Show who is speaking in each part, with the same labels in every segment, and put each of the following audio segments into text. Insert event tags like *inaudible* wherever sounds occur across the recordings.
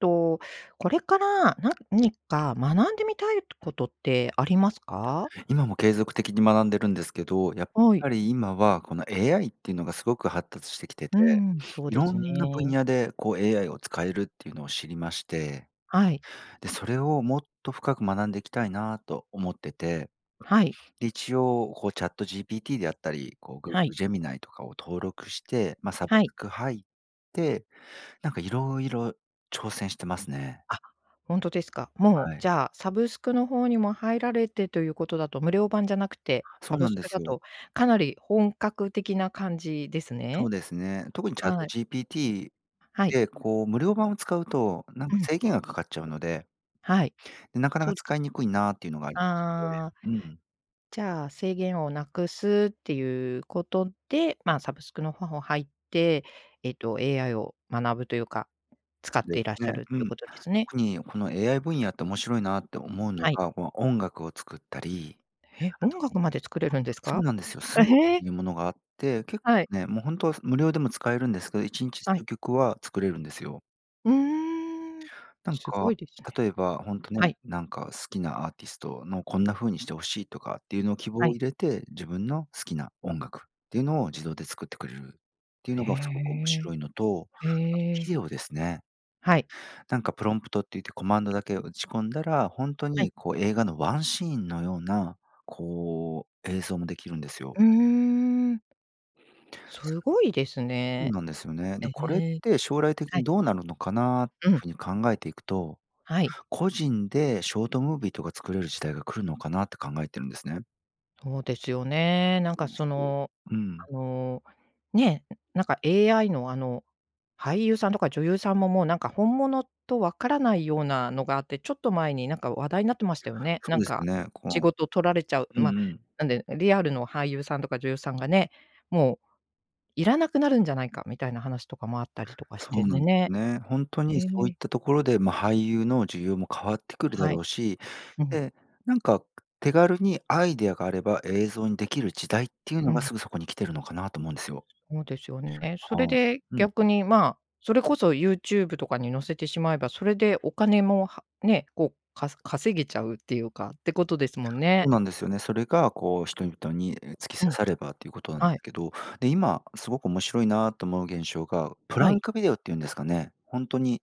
Speaker 1: と、これから、何か学んでみたいとことってありますか？
Speaker 2: 今も継続的に学んでるんですけど、やっ
Speaker 1: はい。
Speaker 2: ぱり今は、この AI っていうのがすごく発達してきて
Speaker 1: う
Speaker 2: て、
Speaker 1: ん、そうで
Speaker 2: 色
Speaker 1: す
Speaker 2: んな分
Speaker 1: ね。
Speaker 2: 野で、こう AI を使えるっていうのを知りまして。
Speaker 1: はい。
Speaker 2: で、それをもっと深く学んでいきたいなと思ってて、
Speaker 1: はい。
Speaker 2: で、一応、こうチャット GPT であったり、こう Google
Speaker 1: はい。
Speaker 2: Gemini とかを登録して、ま、サブ
Speaker 1: は
Speaker 2: ス
Speaker 1: い。
Speaker 2: ク入って、なんか色々挑戦してますね。
Speaker 1: あ、ほんとですか。もう、
Speaker 2: はい。
Speaker 1: じゃあ、サブスクの方にも入られてということだと、無料版じゃなくて、サ
Speaker 2: そう
Speaker 1: ブ
Speaker 2: なん
Speaker 1: ス
Speaker 2: で
Speaker 1: クだ
Speaker 2: すよ。
Speaker 1: と、かなり本格的な感じです
Speaker 2: そ
Speaker 1: ね。
Speaker 2: うですね。特にチャット
Speaker 1: はい。
Speaker 2: GPT
Speaker 1: はい。
Speaker 2: で、こう、無料版を使うと、なん
Speaker 1: う
Speaker 2: か
Speaker 1: ん。
Speaker 2: 制限がかかっちゃうので
Speaker 1: はい。
Speaker 2: なかな
Speaker 1: そ
Speaker 2: か
Speaker 1: うです
Speaker 2: 使いにくいなっていうのがありまして。
Speaker 1: ああ。
Speaker 2: うん。
Speaker 1: じゃあ、制限を無くすっていうことで、ま、サブスクの方を入って、えっと、AI を学ぶというか、使っ
Speaker 2: で
Speaker 1: てい
Speaker 2: す
Speaker 1: らっしゃ
Speaker 2: ね。
Speaker 1: ると
Speaker 2: う
Speaker 1: いう
Speaker 2: ん。
Speaker 1: ことですね。
Speaker 2: 特に、この AI 分野って面白いなって思うの
Speaker 1: はい。
Speaker 2: が、この音楽を作ったり、
Speaker 1: へ、
Speaker 2: あ
Speaker 1: 音
Speaker 2: とあ、
Speaker 1: 楽まで作れるんです
Speaker 2: そう
Speaker 1: か？
Speaker 2: なんですよ。
Speaker 1: あ、
Speaker 2: Suno っ
Speaker 1: へえ。
Speaker 2: ていうものがあって、結
Speaker 1: は
Speaker 2: 構
Speaker 1: い。
Speaker 2: ね、もうほんとは、す無料でも使えるんですけど、1日
Speaker 1: はい。
Speaker 2: 数曲は作れるんですよ。
Speaker 1: うーん。
Speaker 2: なんか、
Speaker 1: 凄いですね。
Speaker 2: 例えば、ほんとね、
Speaker 1: はい。
Speaker 2: なんか、好きなアーティストのこんな風にして欲しいとかっていうのを希望
Speaker 1: は
Speaker 2: を
Speaker 1: い。
Speaker 2: 入れて、自分の好きな音楽っていうのを、自動で作ってくれるっていうの
Speaker 1: へ
Speaker 2: がすごく面
Speaker 1: え。
Speaker 2: 白いのと、
Speaker 1: へ
Speaker 2: あと
Speaker 1: え。
Speaker 2: ビデオですね。
Speaker 1: はい。
Speaker 2: なんか、プロンプトって言ってコマンドだけ打ち込んだら、ほんと
Speaker 1: はい。
Speaker 2: にこう、映画のワンシーンのような、こう、映像も出来るんですよ。
Speaker 1: うーん。凄いです
Speaker 2: うん
Speaker 1: ね。
Speaker 2: なんですよね。で、
Speaker 1: え
Speaker 2: これっ
Speaker 1: え。
Speaker 2: て、将来的
Speaker 1: は
Speaker 2: に
Speaker 1: い。
Speaker 2: どうなるのかな？
Speaker 1: うん。
Speaker 2: 風に考えていくと、
Speaker 1: はい。
Speaker 2: 個人でショートムービーとか作れる時代が来るのかなって考えてるんですね。
Speaker 1: そうですよね。なんかそ
Speaker 2: *unintelligible*
Speaker 1: の、
Speaker 2: うん。
Speaker 1: あの、ね、なんか AI の、あの、俳優さんとか女優さんも、もうなんか本物と分からないようなのがあって、ちょっと前になんか話題になってましたよね。
Speaker 2: そ
Speaker 1: な
Speaker 2: う
Speaker 1: ん
Speaker 2: ですよ
Speaker 1: か、
Speaker 2: ね。こ
Speaker 1: 仕
Speaker 2: う
Speaker 1: 事取られちゃう
Speaker 2: うん
Speaker 1: ま、
Speaker 2: うん。
Speaker 1: なんで、リアルの俳優さんとか女優さんがね、もう、要らなくなるんじゃないか？みたいな話とかもあったりとかし
Speaker 2: そ
Speaker 1: て、
Speaker 2: うな
Speaker 1: で
Speaker 2: んです
Speaker 1: ね
Speaker 2: ね。ほんと
Speaker 1: え
Speaker 2: にそういっ
Speaker 1: え。
Speaker 2: たところで、ま、俳優の需要も変わってくるだ
Speaker 1: は
Speaker 2: ろ
Speaker 1: い。
Speaker 2: うし、
Speaker 1: うん。
Speaker 2: で、なんか、く手軽に、アイデアがあれば、映像に出来る時代っていう
Speaker 1: ふ
Speaker 2: のが
Speaker 1: ん。
Speaker 2: すぐそこに来てるのかな、と思うんですよ。
Speaker 1: ほうですよえ、
Speaker 2: あ
Speaker 1: そ
Speaker 2: あ、
Speaker 1: れで、
Speaker 2: うんう
Speaker 1: 逆
Speaker 2: ん。
Speaker 1: に、まあ、それこそ YouTube とかに載せてしまえば、それで、お金も、はね、こう、か稼げちゃうっていうかってことですもんね。
Speaker 2: そうなんですよね。それが、こう人々に、え、突き
Speaker 1: う
Speaker 2: 刺
Speaker 1: ん。
Speaker 2: さればということなん
Speaker 1: はい。
Speaker 2: けど。で、今すごく面白いなと思う現象が、プ
Speaker 1: は
Speaker 2: ラ
Speaker 1: い。
Speaker 2: ンクビデオっていうんですかね？ほんとに、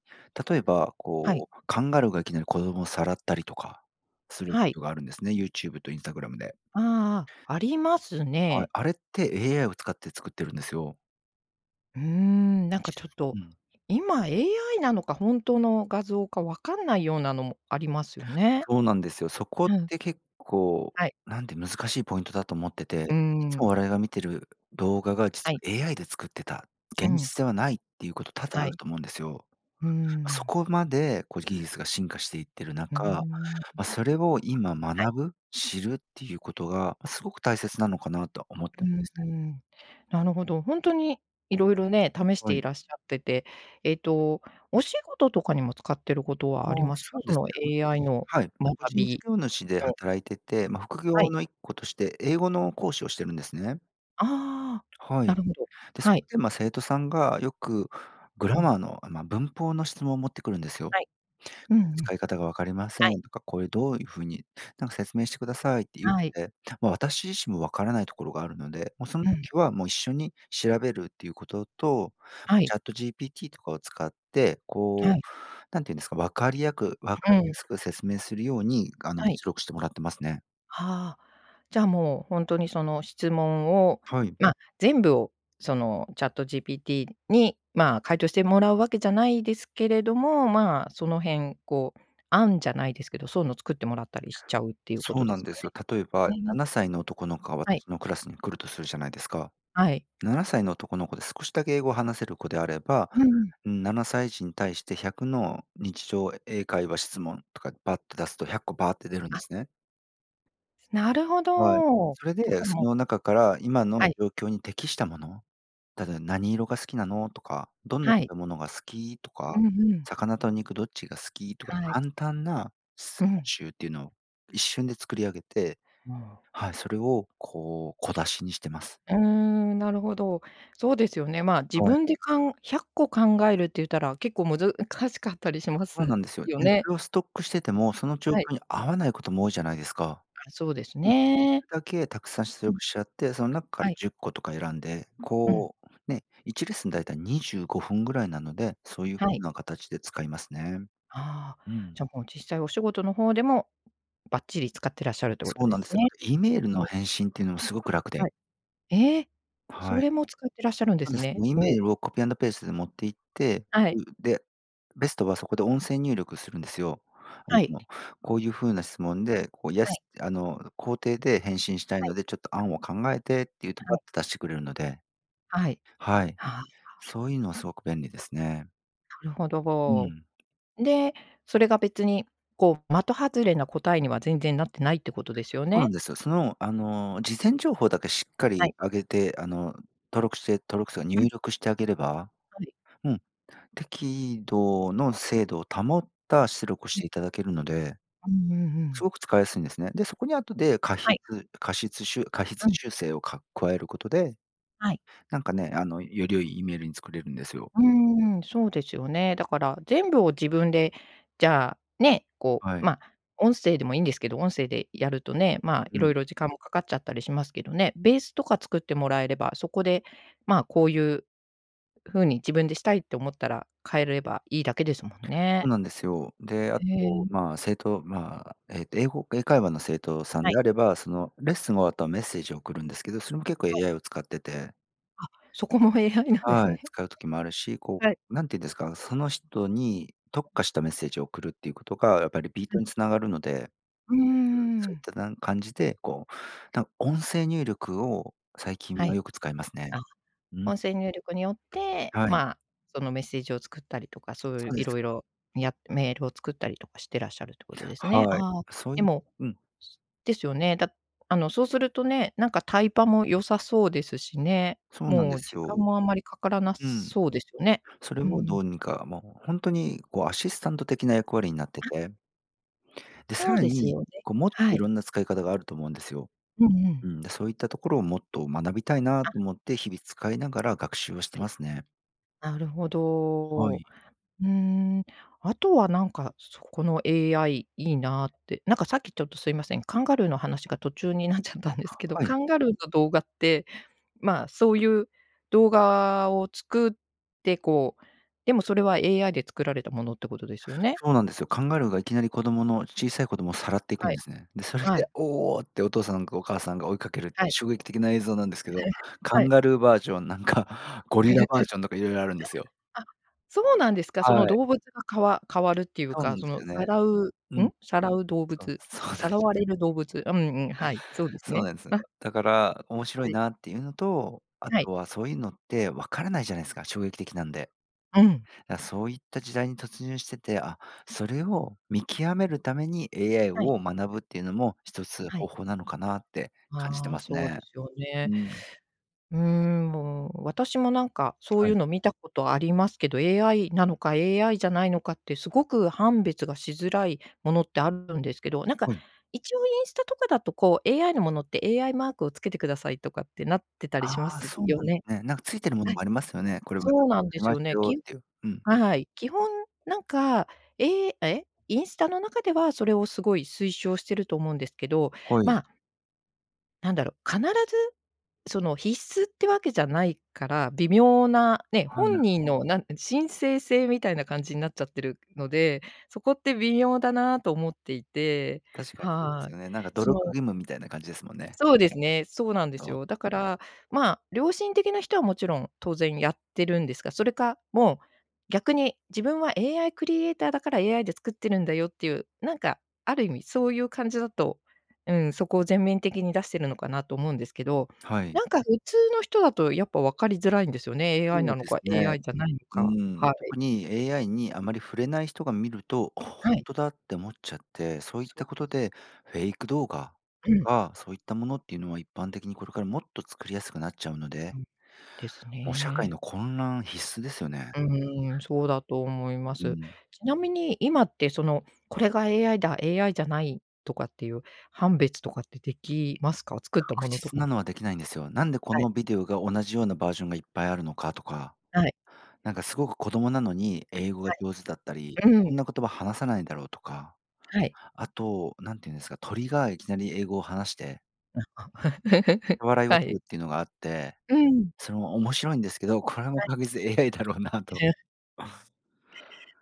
Speaker 2: 例えば、
Speaker 1: はい。
Speaker 2: こう、カンガルーがいきなり子供をさらったりとか、する
Speaker 1: はい。
Speaker 2: とがあるんですね、YouTube とインスタグラムで。
Speaker 1: ああああ、あります
Speaker 2: はい、
Speaker 1: ね。
Speaker 2: あれって AI を使って作ってるんですよ。
Speaker 1: うーん、なんかちょっと、
Speaker 2: うん。
Speaker 1: 今 AI なのか、本当の画像か分かんないようなのも、ありますよね。
Speaker 2: そうなんですよ。そこっ
Speaker 1: うん。
Speaker 2: て結構、
Speaker 1: はい。
Speaker 2: なんて難しいポイントだと思って
Speaker 1: うー
Speaker 2: て。いつも
Speaker 1: ん。
Speaker 2: 我々が見てる動画が、
Speaker 1: は
Speaker 2: 実
Speaker 1: い。
Speaker 2: は AI で作ってた、
Speaker 1: う
Speaker 2: 現
Speaker 1: ん。
Speaker 2: 実ではないっていうこと多々
Speaker 1: は
Speaker 2: ある
Speaker 1: い。
Speaker 2: と思うんですよ。
Speaker 1: うー
Speaker 2: そ
Speaker 1: ん。
Speaker 2: こまで、こう技術が進化していっている
Speaker 1: うー
Speaker 2: 中、
Speaker 1: ん、うん。
Speaker 2: ま、それを今
Speaker 1: はい。
Speaker 2: 学ぶ？知るっていうことが、すごく大切なのかなとは思って
Speaker 1: う
Speaker 2: るん
Speaker 1: ん
Speaker 2: です
Speaker 1: う
Speaker 2: ね。
Speaker 1: ん。なるほど、ほんとに、色々ね、試し
Speaker 2: は
Speaker 1: てい
Speaker 2: い。
Speaker 1: らっしゃってて。えっと、お仕事とかにも使ってることはあり
Speaker 2: ああ、
Speaker 1: ます
Speaker 2: そ
Speaker 1: か？
Speaker 2: う
Speaker 1: そ
Speaker 2: です
Speaker 1: の
Speaker 2: ね。
Speaker 1: AI
Speaker 2: 私
Speaker 1: の、
Speaker 2: はい、個
Speaker 1: 学
Speaker 2: 人事
Speaker 1: び
Speaker 2: 業主で
Speaker 1: の
Speaker 2: 働いてて、ま、副
Speaker 1: は
Speaker 2: 業
Speaker 1: い。
Speaker 2: の一個として、英語の講師をしてるんですね。
Speaker 1: ああ、
Speaker 2: は
Speaker 1: な
Speaker 2: い。
Speaker 1: るほど。
Speaker 2: で、そ、
Speaker 1: はい。
Speaker 2: で、ま、生徒さんがよく、グ
Speaker 1: う
Speaker 2: ラ
Speaker 1: ん。
Speaker 2: マーの、あ、まあ、文法の質問を持ってくるんですよ。
Speaker 1: はい。うんうん。
Speaker 2: 使い方が分かりませ
Speaker 1: はい。
Speaker 2: んとか、こえどういう風に、なんか説明してくださいって言っ
Speaker 1: はい。
Speaker 2: て、まあ、私自身も分からないところがあるので、もうその
Speaker 1: うん。
Speaker 2: 時は、もう一緒に調べるっていうことと、
Speaker 1: はい。
Speaker 2: チャット GPT とかを使って、
Speaker 1: は
Speaker 2: こ
Speaker 1: い。
Speaker 2: う、何て言うんですか、分かりやく分か
Speaker 1: うう
Speaker 2: りや
Speaker 1: ん。
Speaker 2: すく説明するように、あの、
Speaker 1: はい。
Speaker 2: 出力してもらってますね。
Speaker 1: はあ。じゃあ、もう、ほんとにその質問を、
Speaker 2: はい。
Speaker 1: ま、全部をその、チャット GPT に、まあ、回答してもらうわけじゃないですけれども、まあ、その辺こう、案じゃないですけど、そうの作ってもらったりしちゃうっていうこ
Speaker 2: そ
Speaker 1: と
Speaker 2: う
Speaker 1: で
Speaker 2: な
Speaker 1: す
Speaker 2: んで
Speaker 1: か
Speaker 2: すよ。例え
Speaker 1: ね？
Speaker 2: ば、な
Speaker 1: *unintelligible*
Speaker 2: なさいの男の子が
Speaker 1: はい。
Speaker 2: 私のクラスに来るとするじゃないですか。
Speaker 1: はい。
Speaker 2: 7歳の男の子で少しだけ英語を話せる子であれば、
Speaker 1: うん。
Speaker 2: 7歳児に対して100の日常英会話質問、とかバッて出すと、100個バーって出るんで
Speaker 1: あ。
Speaker 2: すね。
Speaker 1: なるほ
Speaker 2: はい、
Speaker 1: ど。
Speaker 2: それ
Speaker 1: だ
Speaker 2: で、
Speaker 1: から
Speaker 2: そ
Speaker 1: もう
Speaker 2: の中から今の
Speaker 1: はい。
Speaker 2: 状況に適したもの、ただ、「何色が好きなの？」とか、「どんな
Speaker 1: はい。
Speaker 2: 食べ物が好き？」と
Speaker 1: う
Speaker 2: か、
Speaker 1: ん、ふん。
Speaker 2: 「魚と肉どっちが好き？」とか、
Speaker 1: はい。
Speaker 2: 簡単な質
Speaker 1: う
Speaker 2: 問
Speaker 1: ん。
Speaker 2: 集っていうのを一瞬で作り上げて
Speaker 1: ああ。
Speaker 2: はい。それをこう、小出しにしてます。
Speaker 1: うーん、なるほど。そうですよね、まあ、自
Speaker 2: はい。
Speaker 1: 分でかん100個考えるって言ったら、結構難しかったりしま
Speaker 2: そう
Speaker 1: す
Speaker 2: なんですよ。
Speaker 1: よ
Speaker 2: で、
Speaker 1: ね？
Speaker 2: それをストックしてても、その状
Speaker 1: はい。
Speaker 2: 況に合わないことも多いじゃないですか。
Speaker 1: あ、そうです
Speaker 2: うん。でき
Speaker 1: ね。
Speaker 2: るだけたくさん出
Speaker 1: うん。
Speaker 2: 力しちゃって、その中か
Speaker 1: は
Speaker 2: ら
Speaker 1: い。
Speaker 2: 10個とか選んで、
Speaker 1: うん。
Speaker 2: こう、ね、1レッスンだいたい25分ぐらいなので、そういう風
Speaker 1: はい。
Speaker 2: な形で使いますね。
Speaker 1: ああ、
Speaker 2: うん。
Speaker 1: じゃあもう実際お仕事の方でも、ばっちり使ってらっしゃるということ
Speaker 2: そう
Speaker 1: で
Speaker 2: なん
Speaker 1: す
Speaker 2: ですよ。だ
Speaker 1: ね。
Speaker 2: から E メール
Speaker 1: う
Speaker 2: の
Speaker 1: ん。
Speaker 2: 返信っていうのもすごく楽
Speaker 1: は
Speaker 2: で。
Speaker 1: い。ええ。そ
Speaker 2: はい。
Speaker 1: れも使ってらっしゃるんで
Speaker 2: なん
Speaker 1: す
Speaker 2: です、
Speaker 1: ね。
Speaker 2: E メ
Speaker 1: お。
Speaker 2: ールをコピーアンドペースで持って行って
Speaker 1: は
Speaker 2: そ
Speaker 1: い。
Speaker 2: う。で、ベストはそこで音声入力するんですよ。あ
Speaker 1: はい。
Speaker 2: の、こういう風な質問で、こう、イエ
Speaker 1: はい。
Speaker 2: スって、あの、肯定で返信したい
Speaker 1: はい。
Speaker 2: ので、ちょっと案を考えてっていうと
Speaker 1: は
Speaker 2: バッ
Speaker 1: い。
Speaker 2: と出してくれるので。
Speaker 1: はい。
Speaker 2: はい。
Speaker 1: はあ。
Speaker 2: そういうのはすごく便利ですね。
Speaker 1: なるほど、
Speaker 2: う
Speaker 1: お。
Speaker 2: ん。
Speaker 1: で、それが別にこう、的外れな答えには全然なってないってことですよ
Speaker 2: そうなん
Speaker 1: ね？
Speaker 2: です。その、あの、事前情報だけしっか
Speaker 1: は
Speaker 2: り
Speaker 1: い。
Speaker 2: あげて、あの、登録して登録つうか
Speaker 1: う
Speaker 2: 入
Speaker 1: ん。
Speaker 2: 力してあげれば
Speaker 1: はい。
Speaker 2: うん。適度の精度を保った出力し
Speaker 1: うん。
Speaker 2: ていただけるので、
Speaker 1: うんうんう
Speaker 2: す
Speaker 1: ん。
Speaker 2: ごく使いやすいんですね。で、そこに後で加
Speaker 1: はい。
Speaker 2: 筆、かしつしゅ加筆
Speaker 1: うん。
Speaker 2: 修正をか加えることで、
Speaker 1: はい。
Speaker 2: なんかね、あの、より良い E メールに作れるんですよ。
Speaker 1: うーん、そうですよね。だから全部を自分で、じゃあ、ね、こう、
Speaker 2: はい。
Speaker 1: まあ、音声でもいいんですけど、音声でやるとね、まあ、
Speaker 2: う
Speaker 1: 色
Speaker 2: ん。
Speaker 1: 々時間もかかっちゃったりしますけどね、ベースとか作ってもらえれば、そこで、まあこういう風に自分でしたいって思ったら、変えればいいだけですもん
Speaker 2: そう
Speaker 1: ね。
Speaker 2: なんですよ。で、あ
Speaker 1: へ
Speaker 2: と、
Speaker 1: え。
Speaker 2: まあ、生徒、まあ、ええと、英語英会話の生徒さん
Speaker 1: はい。
Speaker 2: であれば、その、レッスン終わるとメッセージを送るんですけど、それも結構
Speaker 1: はい。
Speaker 2: AI を使ってて。
Speaker 1: あ、そこも AI なんです
Speaker 2: はい、
Speaker 1: ね。
Speaker 2: 使う時もあるし、こ
Speaker 1: はい。
Speaker 2: う、何て言うんですか、その人に特化したメッセージを送るっていうことがやっぱ、リピー
Speaker 1: う
Speaker 2: ト
Speaker 1: ん。
Speaker 2: に繋がるので。
Speaker 1: うー
Speaker 2: うん、そういっ
Speaker 1: ん。
Speaker 2: たな感じで、こう、なんか音声入力を最近
Speaker 1: は
Speaker 2: は
Speaker 1: い。
Speaker 2: よく使いますね。
Speaker 1: あ、
Speaker 2: うん。
Speaker 1: 音声入力によって、
Speaker 2: はい。
Speaker 1: まあ、そのメッセージを作ったりとか、そういう
Speaker 2: そうで
Speaker 1: 色
Speaker 2: す。
Speaker 1: 々やメールを作ったりとかしてらっしゃるってことですね。
Speaker 2: はい、
Speaker 1: ああ、
Speaker 2: そう
Speaker 1: で
Speaker 2: いう
Speaker 1: も
Speaker 2: うん。
Speaker 1: ですよね。だあの、そうするとね、なんかタイパも良さそうですしね。
Speaker 2: そうなん
Speaker 1: も
Speaker 2: で
Speaker 1: う
Speaker 2: す
Speaker 1: 時
Speaker 2: よ。
Speaker 1: 間もあまりかからな
Speaker 2: うん。
Speaker 1: そうですよね。
Speaker 2: それ
Speaker 1: う
Speaker 2: をど
Speaker 1: ん。
Speaker 2: うにか、もうほんとにこう、アシスタント的な役割になって
Speaker 1: あ。
Speaker 2: てで、さ
Speaker 1: そう
Speaker 2: ら
Speaker 1: です
Speaker 2: に、
Speaker 1: よね。
Speaker 2: こうもっと
Speaker 1: は
Speaker 2: い
Speaker 1: い。
Speaker 2: ろんな使い方があると思うんですよ。
Speaker 1: うんうん。
Speaker 2: うん。で、そういったところをもっと学びたいなと
Speaker 1: あ。
Speaker 2: 思って、日々使いながら学習をして
Speaker 1: はい。
Speaker 2: ますね。
Speaker 1: なるほ
Speaker 2: は
Speaker 1: ど。う
Speaker 2: い。
Speaker 1: ーん、あとはなんか、そこの AI いいなって、なんかさっきちょっとすいません、カンガルーの話が途中になっちゃったんですけど、
Speaker 2: は
Speaker 1: カ
Speaker 2: い。
Speaker 1: ンガルーの動画って、まあそういう動画を作って、こう、でもそれは AI で作られたものってことですよね？
Speaker 2: そうなんですよ。カンガルーがいきなり子供の小さい子供をさらっていく
Speaker 1: は
Speaker 2: ん
Speaker 1: い。
Speaker 2: ですね。で、それ
Speaker 1: は
Speaker 2: で、
Speaker 1: い。
Speaker 2: おお！ってお父さんかお母さんが追いかける
Speaker 1: はい。
Speaker 2: 衝撃的な映像なんですけど、
Speaker 1: *chuckles*
Speaker 2: カ
Speaker 1: は
Speaker 2: ン
Speaker 1: い。
Speaker 2: ガルーバージョン、なんか、ゴリラバージョンとか色々あるんですよ。
Speaker 1: *chuckles* あ、そうなんですか。その
Speaker 2: はい。
Speaker 1: 動物が、かわ変わるっていう
Speaker 2: そう
Speaker 1: か、
Speaker 2: なん
Speaker 1: そ
Speaker 2: す
Speaker 1: の
Speaker 2: か
Speaker 1: さ
Speaker 2: ね。
Speaker 1: らう
Speaker 2: うん。
Speaker 1: ん、さらう動
Speaker 2: そう、
Speaker 1: 物、
Speaker 2: そう
Speaker 1: さ
Speaker 2: なんす
Speaker 1: さらわれる動物
Speaker 2: か。
Speaker 1: うんうん、はい、そうです
Speaker 2: そう
Speaker 1: ね。
Speaker 2: なんです。
Speaker 1: わ
Speaker 2: だから面白
Speaker 1: は
Speaker 2: い
Speaker 1: い。
Speaker 2: なっていうのと、あ
Speaker 1: はい。
Speaker 2: とはそういうのって分からないじゃないすか、衝撃的なんで。
Speaker 1: うん。
Speaker 2: だ、そういった時代に突入してて、あ、それを見極めるために AI
Speaker 1: はい。
Speaker 2: を学ぶっていうのも1つ
Speaker 1: は
Speaker 2: 方
Speaker 1: い。
Speaker 2: 法なのかなって感じて
Speaker 1: あ
Speaker 2: ま
Speaker 1: あ、
Speaker 2: す
Speaker 1: そう
Speaker 2: ね。
Speaker 1: ですよ
Speaker 2: う
Speaker 1: ね。
Speaker 2: ん。
Speaker 1: うーん、もう私もなんかそう
Speaker 2: は
Speaker 1: い
Speaker 2: い。
Speaker 1: うの見たことありますけど、AI なのか AI じゃないのかって、すごく判別がしづらいものってあるんですけど、なんか
Speaker 2: はい。
Speaker 1: 一応インスタとかだとこう、AI のものって AI マークを付けてくださいとかってなってたり
Speaker 2: あ
Speaker 1: しま
Speaker 2: あ、
Speaker 1: す
Speaker 2: そうな
Speaker 1: よ
Speaker 2: んで
Speaker 1: ね？
Speaker 2: すね。なんかついてるもの
Speaker 1: はい。
Speaker 2: もありますよね。これは、
Speaker 1: そうなん
Speaker 2: 作
Speaker 1: で
Speaker 2: り
Speaker 1: す
Speaker 2: ま
Speaker 1: よ
Speaker 2: した
Speaker 1: ね。
Speaker 2: よ
Speaker 1: き
Speaker 2: っていう。うん。
Speaker 1: はい。基本なんか、えええ。インスタの中ではそれをすごい推奨してると思うんですけど、
Speaker 2: ほい。
Speaker 1: まあなんだろう、必ずその、必須ってわけじゃないから、微妙なね、
Speaker 2: ああ、な
Speaker 1: 本
Speaker 2: る
Speaker 1: 人
Speaker 2: ほど。
Speaker 1: のなん申請制みたいな感じになっちゃってるので、そこって微妙だなと思っていて
Speaker 2: 確かにそうです
Speaker 1: はい。
Speaker 2: よね。なんか努力
Speaker 1: そう。
Speaker 2: 義務みたいな感じですもんね。
Speaker 1: そうですね、そうなんで
Speaker 2: そ
Speaker 1: す
Speaker 2: う。
Speaker 1: よ。だから、まあ、良心的な人はもちろん当然やってるんですが、それか、もう、逆に自分は AI クリエイターだから AI で作ってるんだよっていう、なんかある意味そういう感じだと、うん、そこを全面的に出してるのかなと思うんですけど、
Speaker 2: はい。
Speaker 1: なんか普通の人だとやっぱ分かりづらいんですよね、AI
Speaker 2: そ
Speaker 1: な
Speaker 2: う
Speaker 1: の
Speaker 2: です
Speaker 1: か、
Speaker 2: ね。
Speaker 1: AI じゃないの
Speaker 2: う
Speaker 1: か、
Speaker 2: ーん、
Speaker 1: はい。
Speaker 2: 特に AI にあまり触れない人が見ると、ほ
Speaker 1: はい。
Speaker 2: んとだって思っちゃって、そういっ
Speaker 1: そ
Speaker 2: た
Speaker 1: う
Speaker 2: こ
Speaker 1: です。
Speaker 2: とでフェイク動画と
Speaker 1: うん。
Speaker 2: かそういったものっていうのは、一般的にこれからもっと作りやすくなっちゃうので
Speaker 1: うん、です
Speaker 2: もう、社会
Speaker 1: ね。
Speaker 2: の混乱必須ですよね。
Speaker 1: うーん、そうだと思いま
Speaker 2: う
Speaker 1: す。
Speaker 2: ん。
Speaker 1: ちなみに、今ってその、これが AI だ、AI じゃないとかっていう判別とかってできますか？作ったも
Speaker 2: 確
Speaker 1: のと
Speaker 2: 実
Speaker 1: か。
Speaker 2: なのはできないんですよ。なんでこ
Speaker 1: はい。
Speaker 2: のビデオが同じようなバージョンがいっぱいあるのかとか。
Speaker 1: はい。
Speaker 2: なんかすごく子供なのに英語が
Speaker 1: は
Speaker 2: 上手だったり、
Speaker 1: い、うん。
Speaker 2: こんな言葉話さないんだろうとか、
Speaker 1: はい。
Speaker 2: あと何て言うんすか、鳥がいきなり英語を話して
Speaker 1: *laughs*
Speaker 2: 笑いを
Speaker 1: はい。
Speaker 2: 取るっていうのがあって、
Speaker 1: うん。
Speaker 2: それも面白いんですけど、これも
Speaker 1: はい。
Speaker 2: 確実 AI だろうなと。
Speaker 1: *laughs*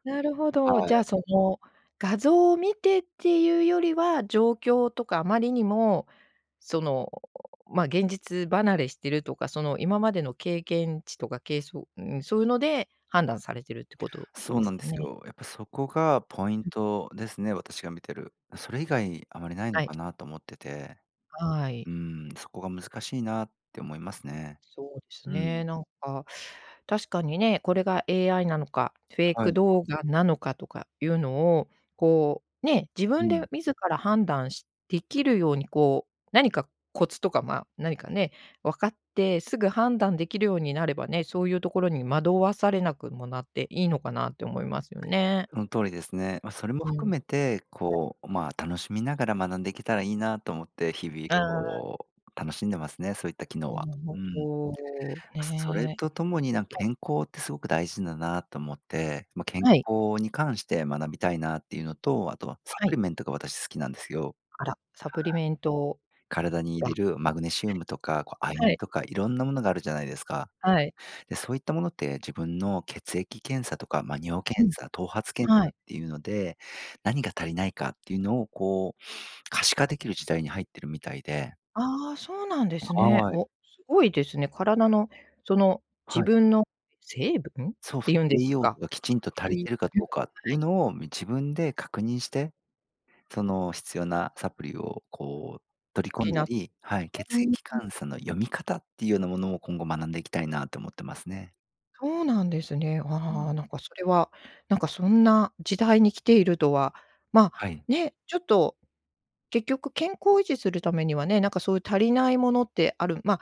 Speaker 1: なるほ
Speaker 2: は
Speaker 1: ど、じゃあ
Speaker 2: い。
Speaker 1: その画像を見てっていうよりは、状況とか、あまりにもその、ま、現実離れしてるとか、その、今までの経験値とか、けいそうん、そういうので判断されてるってこと
Speaker 2: そう
Speaker 1: で
Speaker 2: な
Speaker 1: す
Speaker 2: んで
Speaker 1: か
Speaker 2: す
Speaker 1: ね。
Speaker 2: よ。やっぱそこがポイン
Speaker 1: うん。
Speaker 2: トですね、私が見てる。それ以外あまりないの
Speaker 1: はい。
Speaker 2: かなと思ってて。
Speaker 1: はい。
Speaker 2: うん、そこが難しいなって思いますね。
Speaker 1: そうです
Speaker 2: うん。
Speaker 1: ね、なんか、確かにね、これが AI なのかフェイ
Speaker 2: は
Speaker 1: ク
Speaker 2: い。
Speaker 1: 動画なのかとかいうのを、こう、ね、自
Speaker 2: う
Speaker 1: 分で
Speaker 2: ん。
Speaker 1: 自ら判断しできるようにこう、何かコツとかまあ、何かね、分かってすぐ判断できるようになればね、そういうところに惑わされなくもなっていいのかなって思いますよね。
Speaker 2: その通りですね。ま、それも
Speaker 1: うん、
Speaker 2: 含めて
Speaker 1: はい。
Speaker 2: こう、まあ、楽しみながら学んでいけたらいいなと思って、日々
Speaker 1: ああ。
Speaker 2: こう楽しんでますね、そういった機能
Speaker 1: な
Speaker 2: は、
Speaker 1: る
Speaker 2: うん。
Speaker 1: ほど、
Speaker 2: それ
Speaker 1: ねえ。
Speaker 2: とともになんか
Speaker 1: はい。
Speaker 2: 健康ってすごく大事だなと思って、ま、健
Speaker 1: はい。
Speaker 2: 康に関して学びたいなっていうのと、あとはサ
Speaker 1: は
Speaker 2: プ
Speaker 1: い。
Speaker 2: リメントが私好きなんですよ。はい。
Speaker 1: あら、サプリメント、
Speaker 2: 体に入
Speaker 1: あ。
Speaker 2: れるマグネシウムとか、こう亜
Speaker 1: は
Speaker 2: 鉛
Speaker 1: い。
Speaker 2: とかいろんなものがあるじゃないですか。
Speaker 1: はい。
Speaker 2: で、そういったものって自分の血液検査とか、ま、尿
Speaker 1: う
Speaker 2: 検
Speaker 1: ん、
Speaker 2: 査、頭髪検
Speaker 1: は
Speaker 2: 査っ
Speaker 1: い。
Speaker 2: ていうので、何が足りないかっていうのをこう可視化できる時代に入ってるみたいで。
Speaker 1: ああ、そうなんですね。
Speaker 2: はい。
Speaker 1: お、すごいですね。体のその、自
Speaker 2: はい。
Speaker 1: 分の成分っ
Speaker 2: そう
Speaker 1: て
Speaker 2: す、
Speaker 1: いうんです
Speaker 2: 栄養
Speaker 1: か。
Speaker 2: 素がきちん
Speaker 1: っ
Speaker 2: と足
Speaker 1: て
Speaker 2: り
Speaker 1: いう
Speaker 2: てるか
Speaker 1: は
Speaker 2: どうかっていう
Speaker 1: い。
Speaker 2: のを、み自分で確認して、その、必要なサプリをこう取り込ん
Speaker 1: 補
Speaker 2: だ
Speaker 1: っ
Speaker 2: りはい。けつ
Speaker 1: うん
Speaker 2: えき
Speaker 1: うん。
Speaker 2: かんさの読み方っていうようなものを、今後学んでいきたいなと思ってますね。
Speaker 1: そうなんですね。
Speaker 2: う
Speaker 1: あ
Speaker 2: ん。
Speaker 1: あ、なんかそれは、なんかそんな時代にきているとは、ま
Speaker 2: は
Speaker 1: あ、
Speaker 2: い。
Speaker 1: ね、ちょっと、結局健康を維持するためにはね、なんかそういう足りないものってあるまあ、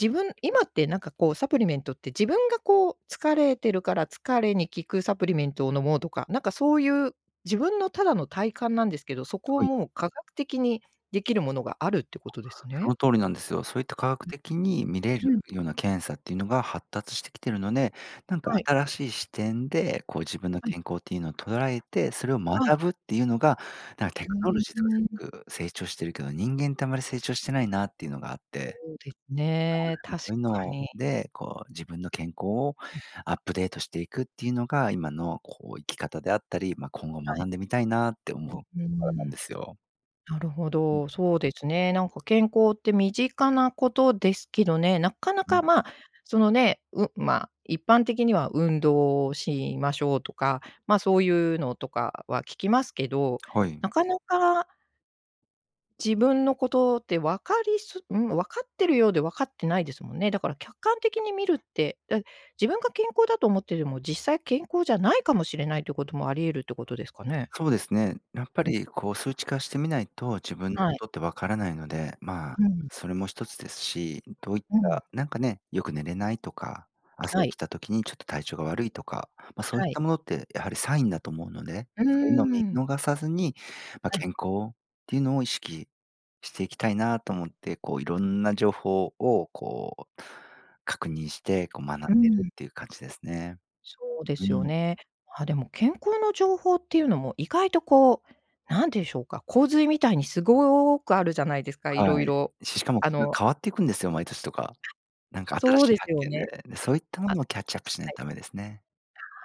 Speaker 1: 自分今ってなんかこう、サプリメントって、自分がこう、疲れてるから疲れに効くサプリメントを飲もうとか、なんかそういう、自分のただの体感なんですけど、そこを
Speaker 2: はい。
Speaker 1: もう科学的にできるものがあるってことです
Speaker 2: そ
Speaker 1: ね。
Speaker 2: の通りなんですよ。そういった科学
Speaker 1: う、
Speaker 2: 的に見れ
Speaker 1: う
Speaker 2: る
Speaker 1: ん。
Speaker 2: ような検査っていうのが発達してきてるので、なんか
Speaker 1: はい。
Speaker 2: 新しい視点で、こう自分の
Speaker 1: はい。
Speaker 2: 健康っていうのを捉えて、それを
Speaker 1: はい。
Speaker 2: 学ぶっていうのが、なんテ
Speaker 1: う
Speaker 2: クノ
Speaker 1: ー
Speaker 2: ロジーとかす
Speaker 1: ん。
Speaker 2: ごく成長してるけど、人間ってあまり成長してないなっていうのがあっ
Speaker 1: そ
Speaker 2: て、
Speaker 1: うです
Speaker 2: そ
Speaker 1: ね、
Speaker 2: うで
Speaker 1: 確
Speaker 2: そういう
Speaker 1: か
Speaker 2: の
Speaker 1: に。
Speaker 2: で、こう自分の健康を
Speaker 1: うん。
Speaker 2: アップデートしていくっていうのが、今のこう生き方であったり、ま、今後
Speaker 1: は
Speaker 2: 学
Speaker 1: い。
Speaker 2: んでみたいなって思う
Speaker 1: う、うー
Speaker 2: ところな
Speaker 1: ん。
Speaker 2: んですよ。
Speaker 1: なるほ
Speaker 2: ん。
Speaker 1: ど、そうですね、なんか健康って身近なことですけどね、なかな
Speaker 2: う
Speaker 1: か
Speaker 2: ん。
Speaker 1: まあ、そのね、うん、まあ、一般的には、運動しましょうとか、まあそういうのとかは聞きますけど、
Speaker 2: はい。
Speaker 1: なかなか自分のことって分かりすうん、分かってるようで分かってないですもんね。だから客観的に見るって、だ自分が健康だと思ってても、実際健康じゃないかもしれないってこともあり得るってことですかね？
Speaker 2: そうですね、やっぱ
Speaker 1: うん。
Speaker 2: りこう数値化してみないと、自分に
Speaker 1: はい。
Speaker 2: とって分からないので、まあ、
Speaker 1: うん。
Speaker 2: それも1つですし、どういっ
Speaker 1: うん。
Speaker 2: たなんかね、よく寝れないとか、朝
Speaker 1: は
Speaker 2: 起
Speaker 1: い。
Speaker 2: きた時にちょっと体調が悪いとか、まあそうい
Speaker 1: は
Speaker 2: っ
Speaker 1: い。
Speaker 2: たものってやはりサインだと思うので、
Speaker 1: うー
Speaker 2: そういうのを見
Speaker 1: ん。
Speaker 2: 逃さずに、まあ
Speaker 1: はい。
Speaker 2: 健康っていうのを意識していきたいなと思って、こういろんな情報をこう、確認して、こう学んで
Speaker 1: う
Speaker 2: る
Speaker 1: ん。
Speaker 2: っていう感じですね。
Speaker 1: そうで
Speaker 2: う
Speaker 1: すよ
Speaker 2: ん。
Speaker 1: ね。まあ、でも健康の情報っていうのも意外とこう、なんでしょうか、洪水みたいにすごくあるじゃないですか、いろ
Speaker 2: は
Speaker 1: い
Speaker 2: い、
Speaker 1: ろ、
Speaker 2: しかも
Speaker 1: あ
Speaker 2: それが
Speaker 1: の
Speaker 2: 変わっていくんですよ、毎年とか。なんか新
Speaker 1: そう
Speaker 2: しい
Speaker 1: です
Speaker 2: 発
Speaker 1: よ
Speaker 2: 見
Speaker 1: ね。
Speaker 2: で、そういったも
Speaker 1: あ
Speaker 2: のを
Speaker 1: は
Speaker 2: キャッチアップしない
Speaker 1: い。
Speaker 2: とダメですね。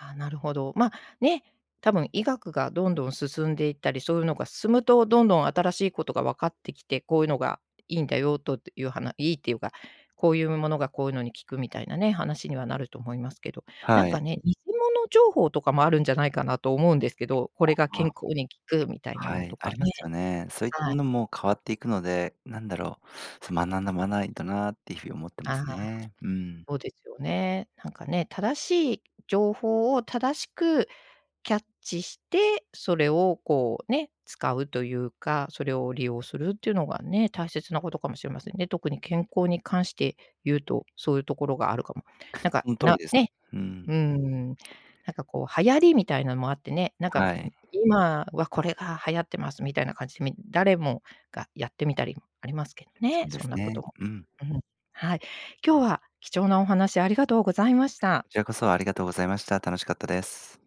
Speaker 1: ああ、なるほど。まあね、多分医学がどんどん進んでいったり、そういうのが進むと、どんどん新しいことが分かってきて、こういうのがいいんだよとっていうはないいっていうか、こういうものがこういうのに効くみたいなね、話にはなると思いますけど。なん
Speaker 2: は
Speaker 1: か
Speaker 2: い。
Speaker 1: ね、偽物情報とかもあるんじゃないかなと思うんですけど、こ
Speaker 2: あ
Speaker 1: れが
Speaker 2: あ、まあ。
Speaker 1: 健康に効くみたいな
Speaker 2: は
Speaker 1: の
Speaker 2: い、
Speaker 1: と
Speaker 2: あ
Speaker 1: か
Speaker 2: りま
Speaker 1: ね。
Speaker 2: すよね。そういった
Speaker 1: は
Speaker 2: も
Speaker 1: い。
Speaker 2: のも変わっていくので、なんだろう、そ、学ばないとなっていう風に思ってま
Speaker 1: あ
Speaker 2: す
Speaker 1: あ、
Speaker 2: ね。うん。
Speaker 1: そうですよね。なんかね、正しい情報を正しくキャッチして、それをこうね、使うというか、それを利用するっていうのがね、大切なことかもしれませんね。特に健康に関して言うと、そういうところがあるかも。なんか、
Speaker 2: その通り
Speaker 1: な
Speaker 2: です。
Speaker 1: ね、
Speaker 2: うん。
Speaker 1: うーん、なんかこう流行りみたいなもあってね、なんか、ん、
Speaker 2: はい。
Speaker 1: 今はこれが流行ってますみたいな感じ、み誰もがやってみたりありますけど
Speaker 2: そ
Speaker 1: ね、
Speaker 2: うで
Speaker 1: そ
Speaker 2: す
Speaker 1: んなこ
Speaker 2: ね。
Speaker 1: とも。
Speaker 2: うん。
Speaker 1: うん。はい。今日は貴重なお話、ありがとうございました。
Speaker 2: こちらこそ、ありがとうございました、楽しかったです。